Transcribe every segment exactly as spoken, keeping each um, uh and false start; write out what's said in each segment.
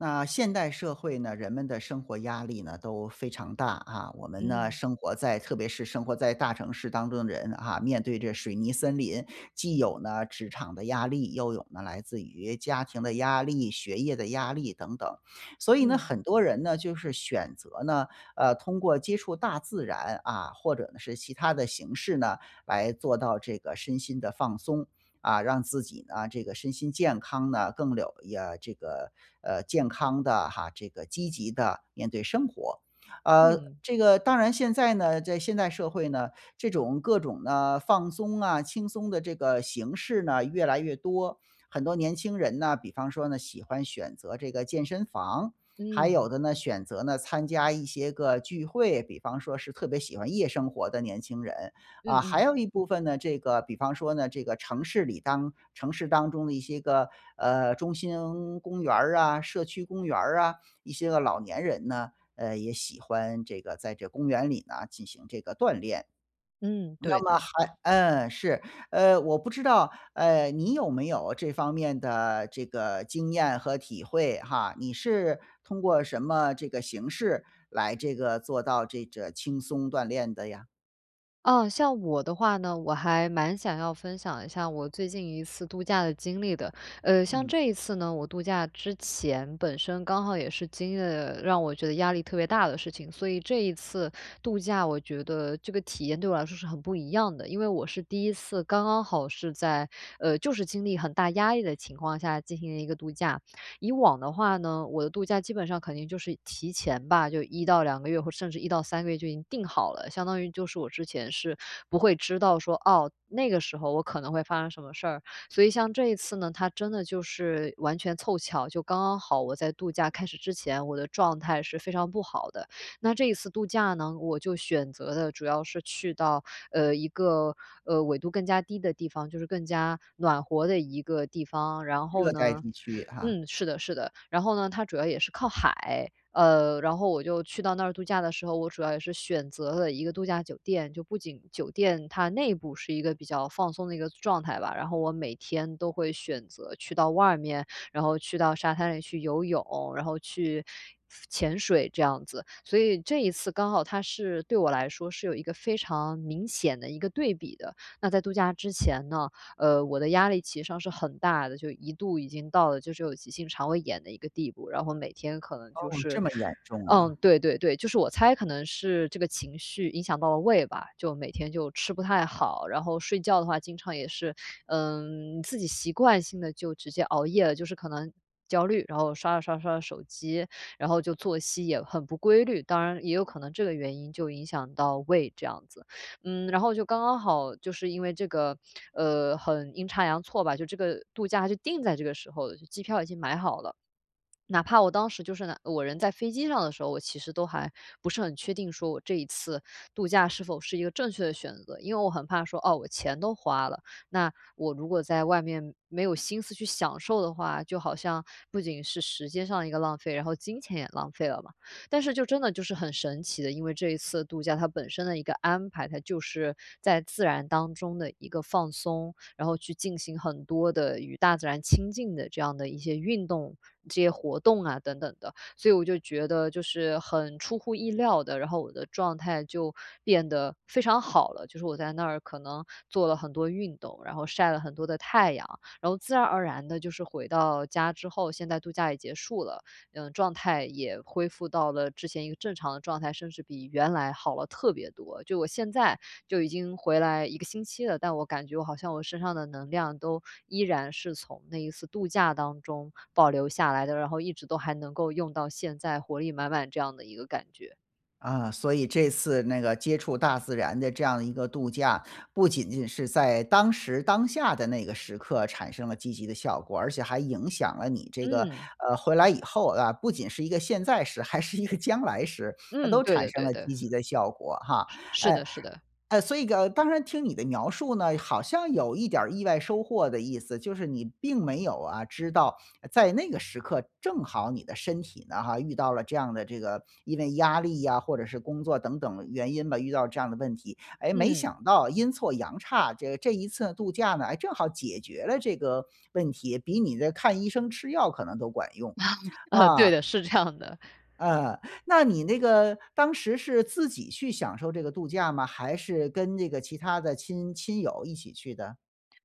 那现代社会呢，人们的生活压力呢，都非常大啊。我们呢，嗯。生活在特别是生活在大城市当中的人啊，面对着水泥森林，既有呢，职场的压力，又有呢，来自于家庭的压力、学业的压力等等。所以呢，嗯。很多人呢，就是选择呢，呃，通过接触大自然，啊，或者呢，是其他的形式呢，来做到这个身心的放松。啊，让自己呢，这个身心健康呢，更有一呃，这个，呃，健康的哈，这个积极地面对生活。啊，嗯。这个当然现在呢，在现代社会呢，这种各种的放松啊，轻松的这个形式呢，越来越多。很多年轻人呢，比方说呢，喜欢选择这个健身房，还有嗯。的呢，选择呢参加一些个聚会，比方说是特别喜欢夜生活的年轻人。嗯啊，还嗯。有一部分呢，这个比方说呢，这个城市里当城市当中的一些个，呃，中心公园儿啊，社区公园儿啊，一些个老年人呢，呃，也喜欢这个在这公园里呢，进行这个锻炼。嗯，对那么的。还嗯，是。呃，我不知道，呃，你有没有这方面的这个经验和体会哈，你是通过什么这个形式来这个做到这个轻松锻炼的呀？啊，像我的话呢，我还蛮想要分享一下我最近一次度假的经历的。呃，像嗯。这一次呢，我度假之前，本身刚好也是经历了让我觉得压力特别大的事情，所以这一次度假，我觉得这个体验对我来说是很不一样的。因为我是第一次，刚刚好是在呃，就是，经历很大压力的情况下，进行的一个度假。以往的话呢，我的度假基本上肯定就是提前吧，就一到两个月，或者甚至一到三个月就已经定好了。相当于，就是，我之前是不会知道说，哦，那个时候我可能会发生什么事儿。所以像这一次呢，它真的就是完全凑巧，就刚刚好我在度假开始之前，我的状态是非常不好的。那这一次度假呢，我就选择的主要是去到，呃，一个，呃，纬度更加低的地方，就是更加暖和的一个地方，然后热带呢地区哈。嗯，是的是的，然后呢，它主要也是靠海，呃，然后，我就去到那儿度假的时候，我主要也是选择了一个度假酒店。就不仅酒店它内部是一个比较放松的一个状态吧，然后，我每天都会选择去到外面，然后，去到沙滩里去游泳，然后，去次潜水这样子。所以这一次刚好它是，对我来说是有一个非常明显的一个对比的。那在度假之前呢，呃，我的压力其实上是很大的，就一度已经到了，就是有急性肠胃炎的一个地步。然后，每天可能哦，就这是么严重嗯，啊。对对对，就是我猜可能是这个情绪影响到了胃吧，就每天就吃不太好，然后，睡觉的话经常也是呃，自己习惯性地就直接熬夜了，就是可能焦虑。然后，刷着刷着刷着手机，然后，就作息也很不规律，当然也有可能这个原因就影响到胃这样子。嗯，然后，就刚刚好，就是，因为这个，呃，很阴差阳错吧，就这个度假就定在这个时候，就机票已经买好了。哪怕我当时，就是哪我人在飞机上的时候，我其实都还不是很确定说我这一次度假是否是一个正确的选择。因为我很怕说，哦，我钱都花了，那我如果在外面没有心思去享受的话，就好像不仅是时间上的一个浪费，然后，金钱也浪费了嘛。但是，就真的就是很神奇的，因为这一次度假，它本身的一个安排，它就是在自然当中的一个放松，然后去进行很多的与大自然亲近的这样的一些运动、这些活动啊等等的。所以我就觉得，就是很出乎意料地，然后，我的状态就变得非常好了。就是我在那儿可能做了很多运动，然后，晒了很多的太阳，然后，自然而然地，就是，回到家之后，现在度假也结束了，呃，状态也恢复到了之前一个正常的状态，甚至比原来好了特别多。就我现在就已经回来一个星期了，但我感觉我好像我身上的能量都依然是从那一次度假当中保留下来的，然后一直都还能够用到现在，活力满满这样的一个感觉。啊，所以这次那个接触大自然的这样的一个度假，不仅仅是在当时当下的那个时刻产生了积极的效果，而且还影响了你这个，嗯。呃，回来以后啊，不仅是一个现在时，还是一个将来时，它嗯，都对产的生对了的。积极的效果哈。是是哎的是的。哎，所以个当然听你的描述呢，好像有一点儿意外收获的意思。就是你并没有啊，知道在那个时刻正好你的身体呢哈，遇到了这样的这个因为压力啊，或者是工作等等原因吧，遇到这样的问题。哎，没嗯。想到阴错阳差，这这一次度假呢，哎，正好解决了这个问题，比你的看医生吃药可能都管用，啊，对嗯。的，是这样的。嗯，那你那个当时是自己去享受这个度假吗？还是跟这个其他的亲亲友一起去的？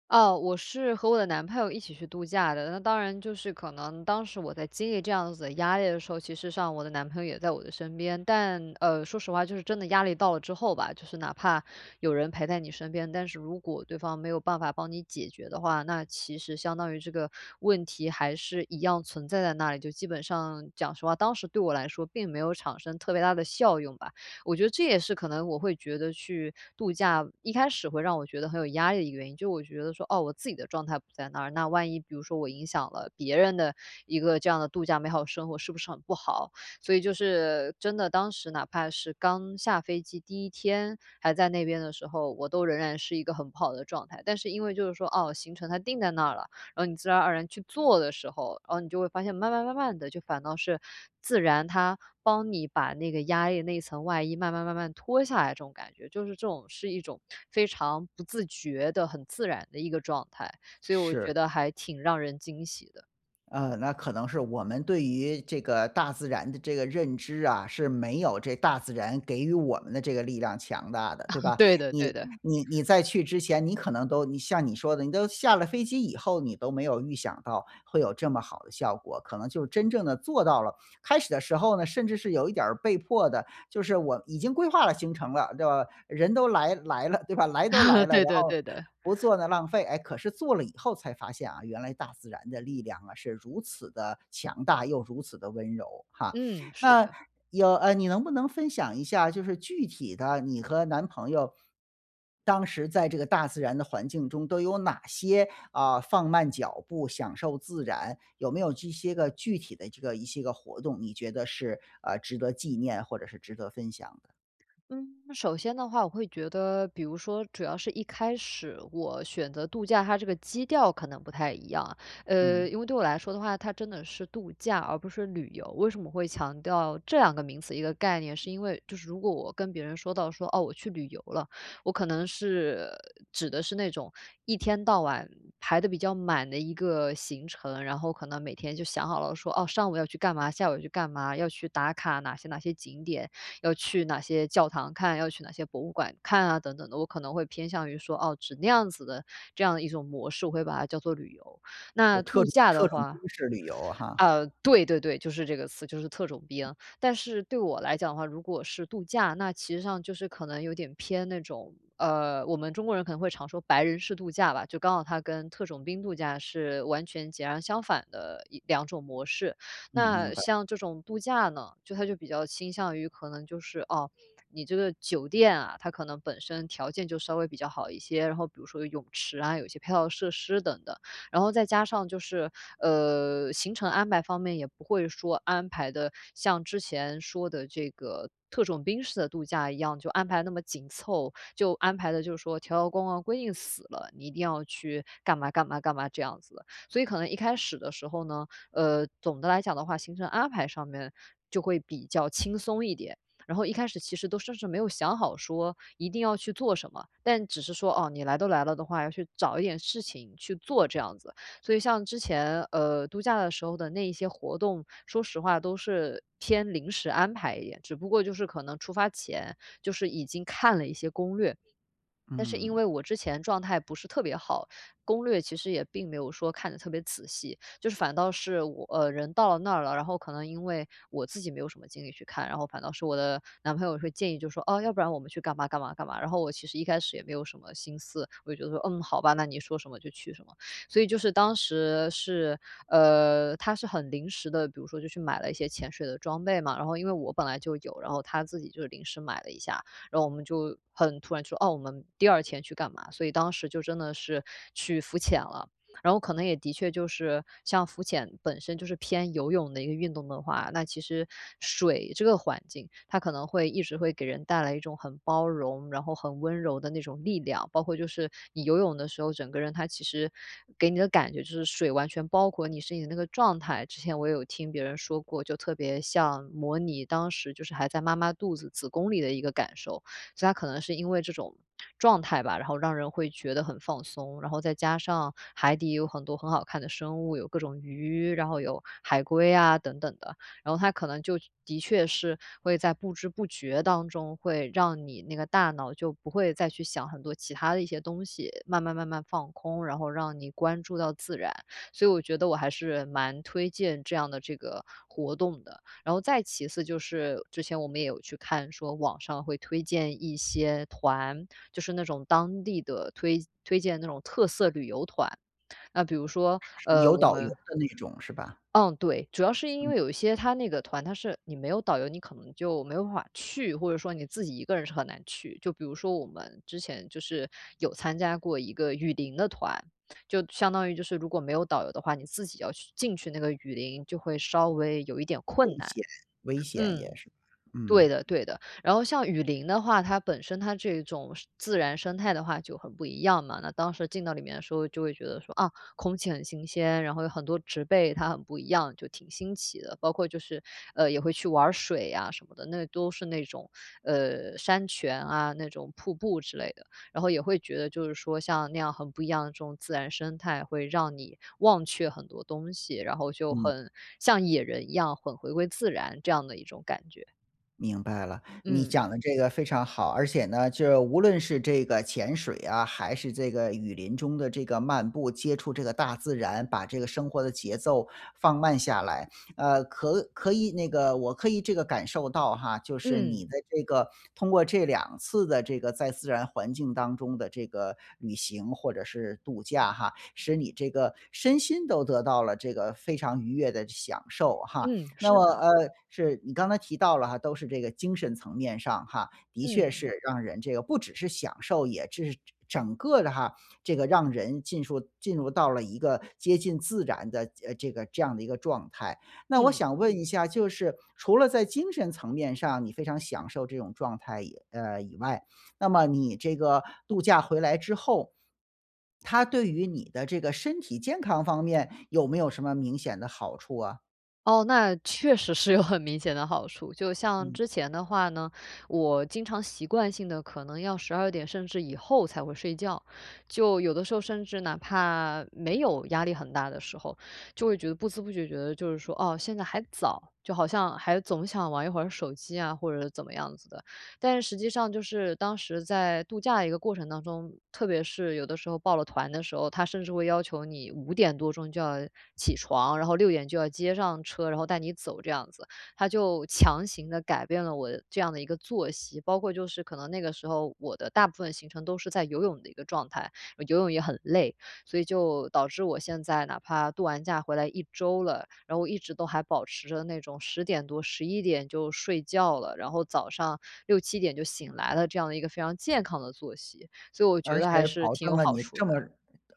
哦，我是和我的男朋友一起去度假的，那当然就是可能当时我在经历这样子的压力的时候，其实上我的男朋友也在我的身边。但，呃，说实话就是真的压力到了之后吧，就是哪怕有人陪在你身边，但是如果对方没有办法帮你解决的话，那其实相当于这个问题还是一样存在在那里。就基本上讲实话，当时对我来说并没有产生特别大的效用吧，我觉得这也是可能我会觉得去度假，一开始会让我觉得很有压力的一个原因。就我觉得说，哦，我自己的状态不在那儿，那万一比如说我影响了别人的一个这样的度假美好的生活，是不是很不好？所以就是真的，当时哪怕是刚下飞机第一天还在那边的时候，我都仍然是一个很不好的状态。但是因为就是说，哦，行程它定在那儿了，然后你自然而然去做的时候，哦，你就会发现，慢慢慢慢地就反倒是，自然它帮你把那个压力那一层外衣慢慢慢慢地脱下来这种感觉。就是这种是一种非常不自觉的、很自然的一个状态，所以我是。觉得还挺让人惊喜的。嗯，那可能是我们对于这个大自然的这个认知啊，是没有这大自然给予我们的这个力量强大的，对 吧？对的对你的。你你在去之前，你可能都你像你说的，你都下了飞机以后，你都没有预想到会有这么好的效果。可能就真正地做到了开始的时候呢，甚至是有一点儿被迫的，就是我已经规划了行程了，对不？人都来来了，对吧？来都来 了，然对的后对的。不做呢浪费。哎，可是做了以后才发现啊，原来大自然的力量啊，是如此的强大又如此的温柔哈。嗯，是那，的。有呃，你能不能分享一下，就是具体的你和男朋友 当时在这个大自然的环境中，都有哪些，呃，放慢脚步享受自然，有没有这些个具体的这个一些个活动，你觉得是，呃，值得纪念或者是值得分享的？嗯，首先的话，我会觉得比如说主要是一开始，我选择度假，它这个基调可能不太一样。呃，嗯。因为对我来说的话，它真的是度假而不是旅游。为什么会强调这两个名词？一个概念是因为，就是如果我跟别人说到说：”哦，我去旅游了。“我可能是指的是那种一天到晚排得比较满的一个行程，然后可能每天就想好了说，哦，上午要去干嘛，下午要去干嘛，要去打卡哪些哪些景点，要去哪些教堂看，要去哪些博物馆看啊等等的。我可能会偏向于说，哦，指那样子的这样的一种模式，我会把它叫做旅游。有那特度种假特的种话兵式旅游哈。呃，对对对，就是这个词，就是特种兵。但是对我来讲的话，如果是度假，那其实上就是可能有点偏那种，呃，我们中国人可能会常说白人式度假吧，就刚好它跟特种兵度假是完全截然相反的一两种模式。嗯，明那白。像这种度假呢，就它就比较倾向于可能就是，哦，你这个酒店啊，它可能本身条件就稍微比较好一些，然后比如说有泳池啊，有一些配套设施等等。然后再加上就是，呃，行程安排方面也不会说安排得像之前说的这个特种兵式的度假一样，就安排那么紧凑，就安排得就是说条条框框规定死了，你一定要去干嘛干嘛干嘛这样子的。所以可能一开始的时候呢，呃，总的来讲的话，行程安排上面就会比较轻松一点，然后一开始其实都甚至没有想好说一定要去做什么，但只是说，哦，你来都来了的话，要去找一点事情去做这样子。所以像之前，呃，度假的时候的那一些活动，说实话都是偏临时安排一点，只不过就是可能出发前，就是已经看了一些攻略。但是因嗯。为我之前状态不是特别好，攻略其实也并没有说看得特别仔细，就是反倒是我呃，人到了那儿了，然后可能因为我自己没有什么精力去看，然后反倒是我的男朋友会建议就说，哦，要不然我们去干嘛干嘛干嘛。然后我其实一开始也没有什么心思，我就会觉得说，嗯，好吧，那你说什么就去什么。所以就是当时是呃，他是很临时的，比如说就去买了一些潜水的装备嘛。然后因为我本来就有，然后他自己就是临时买了一下，然后我们就很突然就说，哦，我们第二天去干嘛，所以当时就真的是去浮潜了。然后可能也的确就是像浮潜本身就是偏游泳的一个运动的话，那其实水这个环境，它可能会一直会给人带来一种很包容，然后很温柔的那种力量。包括就是你游泳的时候，整个人它其实给你的感觉，就是水完全包裹你身体的那个状态，之前我有听别人说过，就特别像模拟当时就是还在妈妈肚子子宫里的一个感受。所以它可能是因为这种状态吧，然后让人会觉得很放松。然后再加上海底也有很多很好看的生物，有各种鱼，然后有海龟啊等等的，然后它可能就的确是会在不知不觉当中，会让你那个大脑就不会再去想很多其它的一些东西，慢慢慢慢放空，然后让你关注到自然，所以我觉得我还是蛮推荐这样的这个活动的。然后再其次就是之前我们也有去看，说网上会推荐一些团，就是那种当地的推推荐的那种特色旅游团。那比如说，是是呃，有我导游们的那种，是吧？嗯，对，主要是因为嗯。有一些它那个团，它是你没有导游你可能就没有办法去，或者说你自己一个人是很难去。就比如说我们之前就是有参加过一个雨林的团，就相当于就是如果没有导游的话，你自己要去进去那个雨林就会稍微有一点困危难。险危险也嗯。是，对嗯。的对的。然后像雨林的话，它本身它这一种生自然生态的话就很不一样嘛，那当时进到里面的时候就会觉得说，啊，空气很新鲜，然后有很多植被它很不一样，就挺新奇的。包括就是，呃，也会去玩儿水呀什么的，那都是那种，呃，山泉啊、那种瀑布之类的。然后也会觉得就是说，像那样很不一样的这种自然生态会让你忘却很多东西，然后就嗯。很像野人一样很回归自然这样的一种感觉。明白了，你嗯。讲得这个非常好。而且呢，就无论是这个潜水啊，还是这个雨林中的这个漫步、接触这个大自然，把这个生活的节奏放慢下来，呃，可可以那个我可以这个感受到哈，就是你嗯。的这个通过这两次的这个在自然环境当中的这个旅行或者是度假哈，使你这个身心都得到了这个非常愉悦的这享受哈。嗯，那是么，的。呃，是你刚才提到了哈，都是这个精神层面上哈，的确嗯。是让人这个不只是享受，也这是整整个的哈，这个让人进树进入到了一个接近自然的，呃，这个这样的一个状态。那我嗯。想问一下，就是除了在精神层面上，你非常享受这种状态以呃，以外，那么你这个度假回来之后，它对于你的这个身体健康方面有没有什么明显的好处啊？哦，那确实是有很明显的好处，就像嗯。之前的话呢，我经常习惯性地可能要十二点甚至以后才会睡觉，就有的时候甚至哪怕没有压力很大的时候，就会觉得不滋不觉觉得就是说，哦，现在还早，就好像还总想玩一会儿手机啊，或者是怎么样子的。但是，实际上，就是，当时在度假的一个过程当中，特别是有的时候报了团的时候，他甚至会要求你五点多钟，就要起床，然后，六点就要接上车，然后带你走这样子。它就强行地改变了我这样的一个作息，包括，就是可能那个时候我的大部分行程都是在游泳的一个状态，游泳也很累，所以就导致我现在哪怕度完假回来一周了，然后，一直都还保持着那种十点多、十一点就睡觉了，然后早上六七点就醒来了，这样的一个非常健康的作息，所以我觉而得还且是保挺证有了好你处这么的。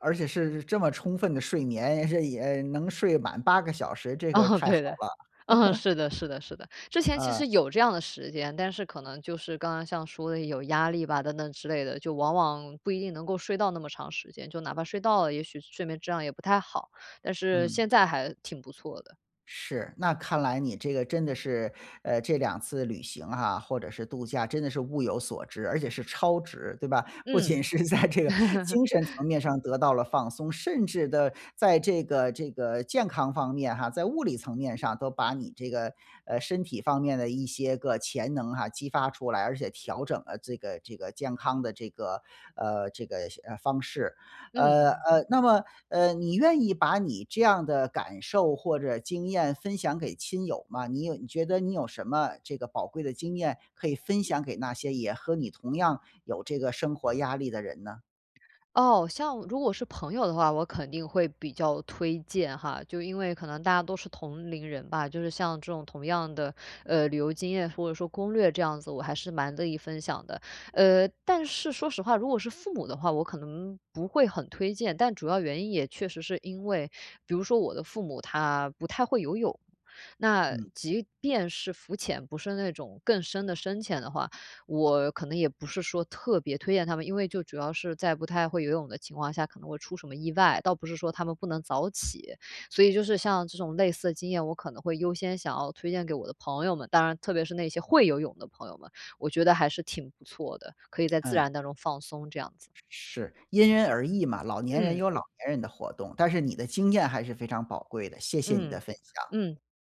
而且是这么充分的睡眠，也是也能睡满八个小时，这个嗯，太好对的。了。嗯，是的是的是的，之前其啊。实有这样的时间，但是可能就是刚刚像说的有压力吧等等之类的，就往往不一定能够睡到那么长时间，就哪怕睡到了，也许睡眠质量也不太好，但是嗯。现在还挺不错的。是，那看来你这个真的是，呃，这两次旅行啊，或者是度假真的是物有所值，而且是超值，对吧？不嗯。仅是在这个精神层 面上得到了放松，甚至地在这个这个健康方面哈，在物理层面上都把你这个，呃，身体方面的一些个潜能啊，激发出来，而且，调整了这个这个健康的这个呃，这个，呃，方式。呃，嗯。呃，那么，呃，你愿意把你这样的感受或者经验分享给亲友吗？你有觉得你有什么这个宝贵的经验可以分享给那些也和你同样有这个生活压力的人呢？哦，像如果是朋友的话，我肯定会比较推荐哈，就因为可能大家都是同龄人吧，就是，像这种同样的，呃，旅游经验，或者说攻略这样子，我还是蛮乐意分享的。呃，但是，说实话，如果是父母的话，我可能不会很推荐，但主要原因也确实是因为比如说，我的父母，他不太会游泳，那，嗯。即便是浮潜，不是那种更深的深潜的话，我可能也不是说特别推荐他们。因为，就主要是在不太会游泳的情况下，可能会出什么意外，倒不是说他们不能早起。所以，就是，像这种类似的经验，我可能会优先想要推荐给我的朋友们，当然，特别是那些会游泳的朋友们，我觉得还是挺不错的，可以在自嗯。然当中放松，这样子。是，因人而异嘛，老年人嗯。有老年人的活动，但是你的经验还是非常宝贵的，谢谢你的嗯，分享。嗯。